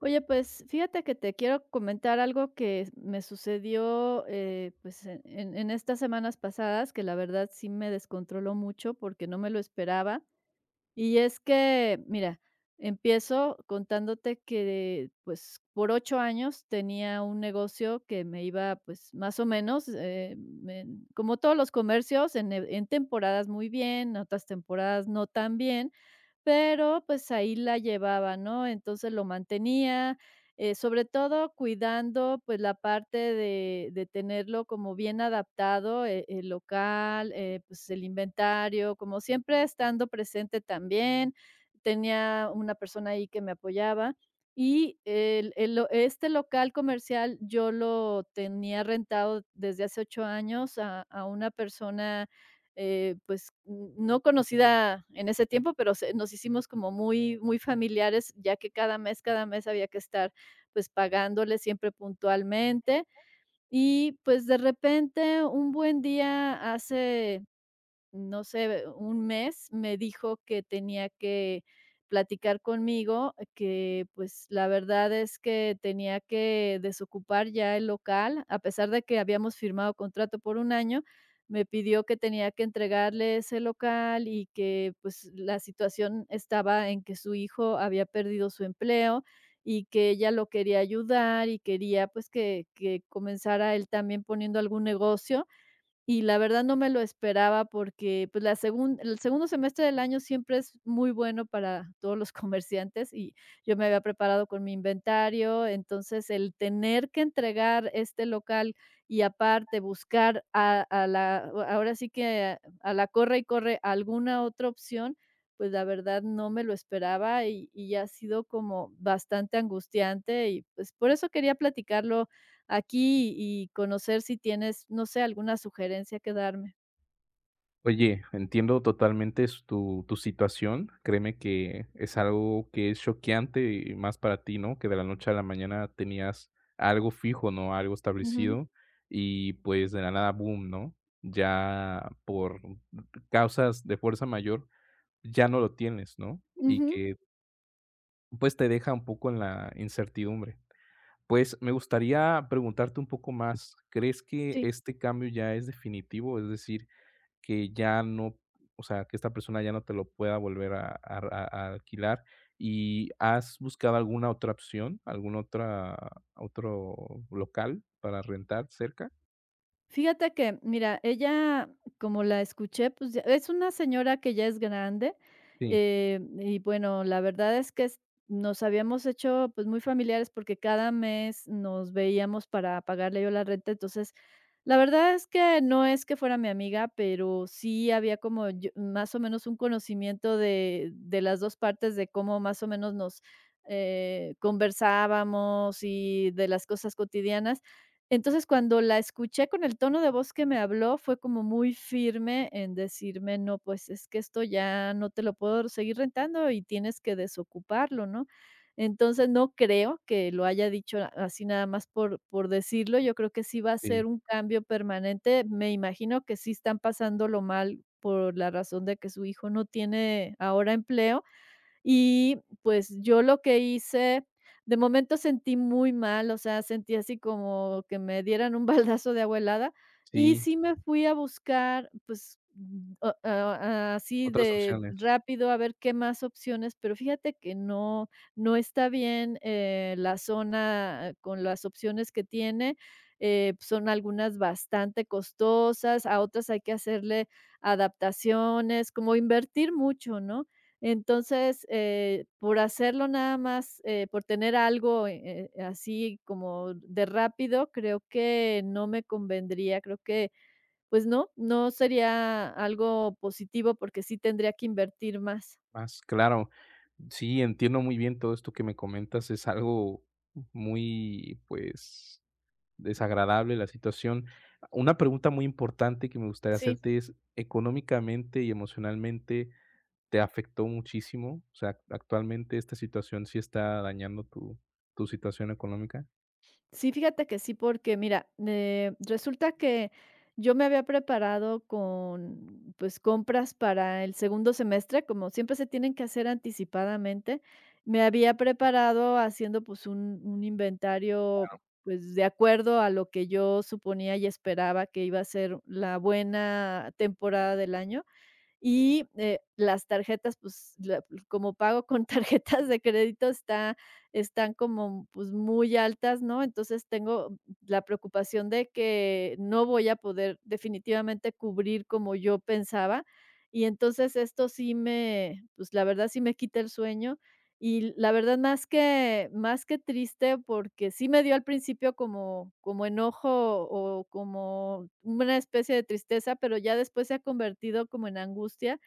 Oye, pues, fíjate que te quiero comentar algo que me sucedió, eh, pues, en en estas semanas pasadas, que la verdad sí me descontroló mucho porque no me lo esperaba. Y es que, mira, empiezo contándote que de pues, por 8 años tenía un negocio que me iba, pues, más o menos, em, em, como todos los comercios, en en temporadas muy bien, en otras temporadas no tan bien. Pero, pues, ahí la llevaba, ¿no? Entonces lo mantenía, eh, sobre todo cuidando, pues, la parte de de tenerlo como bien adaptado, eh, el local, eh, pues, el inventario, como siempre estando presente también. Tenía una persona ahí que me apoyaba. Y el el lo este local comercial yo lo tenía rentado desde hace 8 años a a una persona, eh, pues, n no conocida en ese tiempo, pero se nos hicimos como muy, muy familiares, ya que cada mes cada mes había que estar, pues, pagándole, siempre puntualmente. Y, pues, de repente, un buen día, hace, no sé, eh, un mes, me dijo que tenía que platicar conmigo, que, pues, la verdad es que tenía que desocupar ya el local, a pesar de que habíamos firmado contrato por 1 año. Me pidió que tenía que entregarle ese local y que, pues, la situación estaba en que su hijo había perdido su empleo, y que ella lo quería ayudar y quería, pues, que que comenzara él también poniendo algún negocio. Y la verdad, no me lo esperaba porque, pues, la segun en el segundo semestre del año siempre es muy bueno para todos los comerciantes y yo me había preparado con mi inventario. Entonces, el tener que entregar este local y, aparte, buscar, a a la ahora sí que, a la corre y corre, alguna otra opción, pues, la verdad, no me lo esperaba y y ha sido como bastante angustiante y, pues, por eso quería platicarlo aquí y conocer si tienes, no sé, alguna sugerencia que darme. Oye, entiendo totalmente s tu tu situación. Créeme que es algo que es choqueante y más para ti, ¿no?, que de la noche a la mañana tenías algo fijo, ¿no?, algo Ujú. establecido y, pues, de la nada bum, ¿no?, ya, por causas de fuerza mayor, ya no lo tienes, ¿no? Y Ujú. que pues, te deja un poco en la incertidumbre. Pues, me gustaría preguntarte un poco más, ¿crees que Sí. este cambio ya es definitivo, es decir, que ya no o sea, que esta persona ya no te lo pueda volver a a r a a alquilar, y has buscado alguna otra opción, alguna otra otro local para rentar cerca? Fíjate que, mira, ella, como la escuché, pues es una señora que ya es grande, Sí. em, y bueno, la verdad es que es nos habíamos hecho, pues, muy familiares porque cada mes nos veíamos para pagarle yo la renta. Entonces, la verdad es que no es que fuera mi amiga, pero sí había como yo más o menos un conocimiento de de las dos partes, de cómo más o menos nos, eh, conversábamos y de las cosas cotidianas. Entonces, cuando la escuché con el tono de voz que me habló, fue como muy firme en decirme: "No, pues, es que esto ya no te lo puedo seguir rentando y tienes que desocuparlo", ¿no? Entonces, no creo que lo haya dicho así nada más por por decirlo, yo creo que sí va a ser Sí. un cambio permanente, me imagino que sí están pasándolo mal, por la razón de que su hijo no tiene, ahora, empleo. Y, pues, yo lo que hice de momento sentí muy mal, o sea, sentí así como que me dieran un baldazo de agua helada, y Sí. sí me fui a buscar, pues, ah, ah, así Otras de opciones. rápido a ver qué más opciones, pero fíjate que no no está bien, eh, la zona, con las opciones que tiene, eh, son algunas bastante costosas, a otras hay que hacerle adaptaciones, como invertir mucho, ¿no? Entonces, eh, por hacerlo nada más, eh, por tener algo, eh, eh, así como de rápido, creo que no me convendría, creo que, pues, no, no sería algo positivo porque sí tendría que invertir más. Más claro. Sí, entiendo muy bien todo esto que me comentas, es algo muy, pues, desagradable la situación. Una pregunta muy importante que me gustaría Sí. hacerte es: ¿Económicamente y emocionalmente te afectó muchísimo? O sea, ¿actualmente esta situación sí está dañando tu tu situación económica? Sí, fíjate que sí, porque, mira, eh, resulta que, yo me había preparado con, pues, compras para el segundo semestre, como siempre se tienen que hacer anticipadamente. Me había preparado haciendo, pues, un un inventario, Claro. pues, de acuerdo a lo que yo suponía y esperaba que iba a ser la buena temporada del año y, eh, las tarjetas, pues, la como pago con tarjetas de crédito, está están como, pues, muy altas, ¿no? Entonces tengo la preocupación de que no voy a poder, definitivamente, cubrir como yo pensaba y entonces esto sí me, pues, la verdad, sí me quita el sueño y, la verdad, más que más que triste, porque sí me dio, al principio, como como enojo, o como una especie de tristeza, pero ya después, se ha convertido como en angustia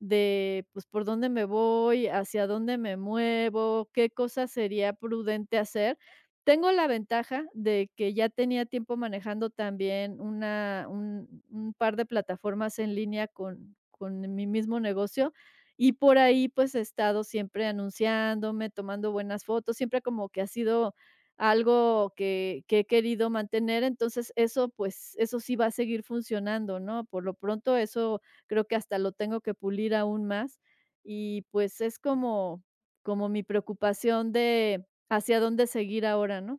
de, pues, ¿por dónde me voy, hacia dónde me muevo, qué cosa sería prudente hacer? Tengo la ventaja de que ya tenía tiempo manejando, también, una un un par de plataformas en línea con con mi mismo negocio y por ahí, pues, he estado siempre anunciándome, tomando buenas fotos, siempre como que ha sido algo que que he querido mantener. Entonces eso, pues, eso sí va a seguir funcionando, ¿no? Por lo pronto, eso creo que hasta lo tengo que pulir aún más y, pues, es como como mi preocupación de, ¿hacia dónde seguir ahora, no?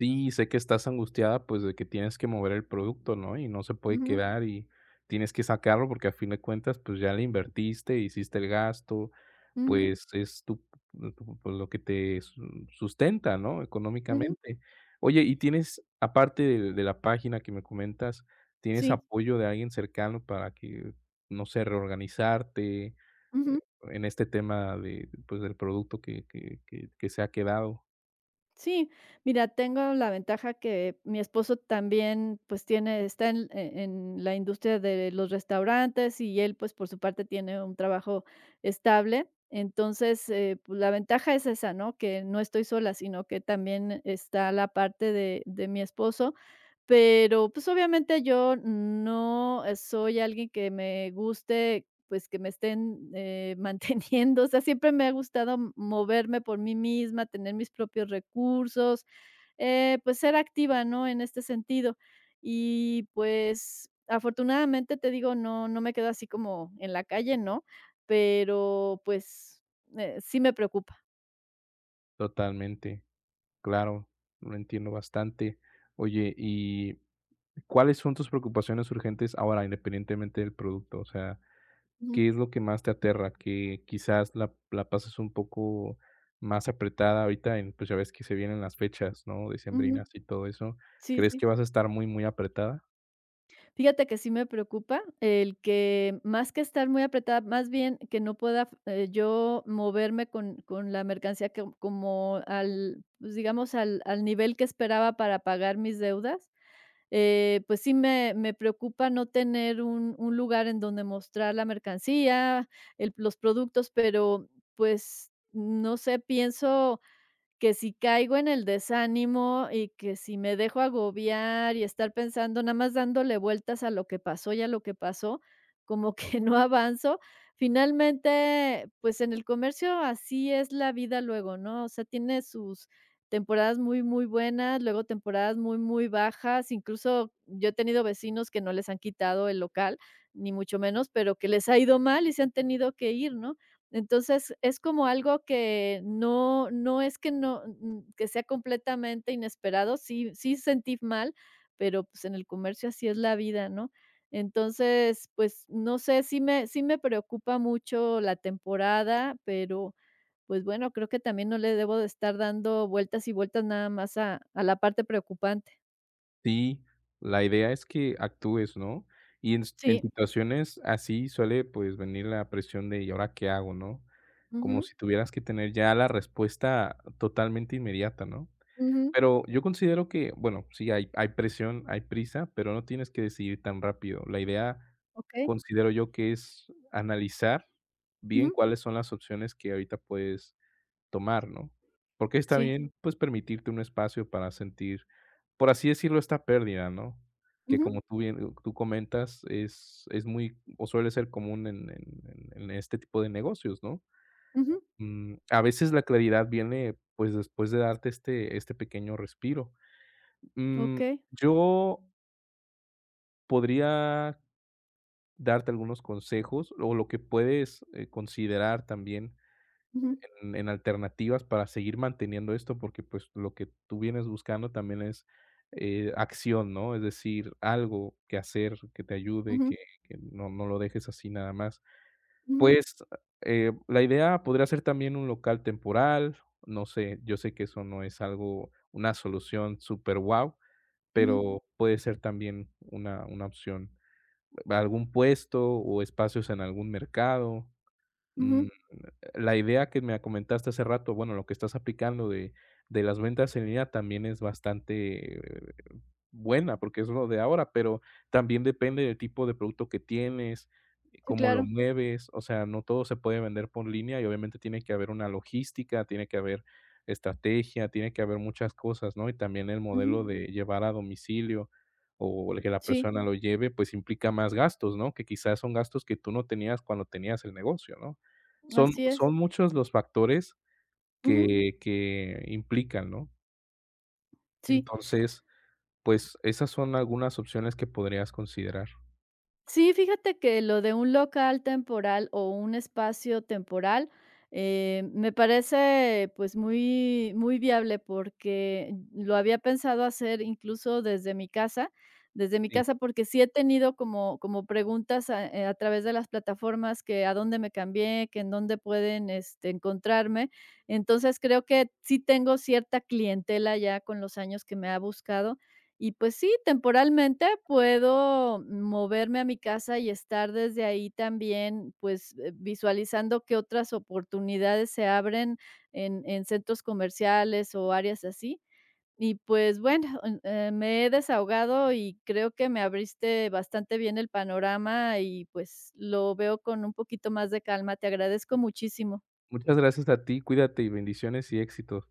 Sí, sé que estás angustiada, pues, de que tienes que mover el producto, ¿no? y no se puede Ujú. quedar y tienes que sacarlo porque, a fin de cuentas, pues ya le invertiste, hiciste el gasto. Ujú. Pues es tu tu lo que te su sustenta, ¿no? Ujú. económicamente. Oye, ¿y tienes, aparte de de la página que me comentas tienes Sí. apoyo de alguien cercano para que, no sé, reorganizarte Ujú. en este tema de pues, del producto que que que que se ha quedado? Sí. Mira, tengo la ventaja que mi esposo también, pues, tiene está en, eh, en la industria de los restaurantes y él, pues, por su parte tiene un trabajo estable. Entonces, eh, pues la ventaja es esa, ¿no? Que no estoy sola, sino que también está la parte de de mi esposo. Pero, pues, obviamente yo no soy alguien que me guste, pues, que me estén, eh, manteniendo. O sea, siempre me ha gustado moverme por mí misma, tener mis propios recursos, eh, pues, ser activa, ¿no? en este sentido. Y, pues, afortunadamente, te digo, no, no me quedo así como en la calle, ¿no? Pero, pues, sí me preocupa. Totalmente, claro, lo entiendo bastante. Oye y, ¿cuáles son tus preocupaciones urgentes ahora?, independientemente del producto, o sea, Ujú. ¿qué es lo que más te aterra?, que quizás la la pases un poco más apretada ahorita en pues, ya ves que se vienen las fechas, ¿no?, Ujú. decembrinas y todo eso, Sí, ¿crees sí. que vas a estar muy, muy apretada? Fíjate que sí me preocupa el que, más que estar muy apretada, más bien que no pueda, eh, yo moverme con con la mercancía que como al, pues digamos al al nivel que esperaba para pagar mis deudas, eh, pues, sí, me me preocupa no tener un un lugar en donde mostrar la mercancía, el los productos, pero, pues, no sé, pienso que si caigo en el desánimo y que si me dejo agobiar y estar pensando, nada más dándole vueltas a lo que pasó y a lo que pasó como que no avanzo, finalmente, pues en el comercio así es la vida luego, ¿no?, o sea, tiene sus temporadas muy, muy buenas, luego temporadas muy, muy bajas. Incluso yo he tenido vecinos que no les han quitado el local, ni mucho menos, pero que les ha ido mal y se han tenido que ir, ¿no?, entonces es como algo que no no es que no n n que sea completamente inesperado, sí sí, sentí mal, pero, pues, en el comercio así es la vida, ¿no?, entonces, pues, no sé, si me si me preocupa mucho la temporada, pero, pues bueno, creo que también no le debo de estar dando vueltas y vueltas nada más a a la parte preocupante. Sí, la idea es que actúes, ¿no?, y en s en Sí. situaciones así suele, pues, venir la presión de: "Y ahora, ¿qué hago?", ¿no?, como Ujú. si tuvieras que tener ya la respuesta totalmente inmediata, ¿no?, Ujú. pero yo considero que bueno, sí hay hay presión, hay prisa, pero no tienes que decidir tan rápido. La idea, Okey. considero yo que es analizar bien Ujú. cuáles son las opciones que ahorita puedes tomar, ¿no?, porque está Sí. bien, pues permitirte un espacio para sentir, por así decirlo, esta pérdida, ¿no?, que Ujú. como tú bien tú comentas, es es muy o suele ser común en en en en este tipo de negocios, ¿no?, Ujú. mm, a veces la claridad viene, pues después de darte este este pequeño respiro. Mm, Okey. yo podría darte algunos consejos, o lo que puedes, eh, considerar también Ujú. en en alternativas para seguir manteniendo esto porque, pues, lo que tú vienes buscando también es, eh, acción, ¿no?, es decir, algo que hacer que te ayude, Ujú. que que no no lo dejes así nada más. Ujú. Pues, eh, la idea podría ser también un local temporal, no sé, yo sé que eso no es algo una solución superguau, Ujú. pero puede ser también una una opción. Algún puesto o espacios en algún mercado, mm, Ujú. la idea que me comentaste hace rato, bueno, lo que estás aplicando de de las ventas en línea también es bastante buena porque es lo de ahora, pero también depende del tipo de producto que tienes, Sí, cómo lo claro. mueves, o sea, no todo se puede vender por línea y obviamente tiene que haber una logística, tiene que haber estrategia, tiene que haber muchas cosas, ¿no?, y también el Ujú. modelo de llevar a domicilio, o que la Sí. persona lo lleve, pues implica más gastos, ¿no?, que quizás son gastos que tú no tenías cuando tenías el negocio, ¿no?, son Así es. son muchos los factores Ujú. que que implican, ¿no? Sí. Entonces, pues esas son algunas opciones que podrías considerar. Sí, fíjate que lo de un local temporal o un espacio temporal, eh, me parece, pues, muy muy viable porque lo había pensado hacer incluso desde mi casa desde mi Sí. casa, porque sí he tenido como como preguntas a, eh, a través de las plataformas que, a dónde me cambié, que, en dónde pueden, este, encontrarme, entonces creo que sí tengo cierta clientela ya con los años que me ha buscado y pues sí, temporalmente puedo moverme a mi casa y estar desde ahí también, pues, visualizando que otras oportunidades se abren en en centros comerciales o áreas así y pues bueno, eh, me he desahogado y creo que me abriste bastante bien el panorama y, pues, lo veo con un poquito más de calma. Te agradezco muchísimo. Muchas gracias a ti. Cuídate y bendiciones y éxito.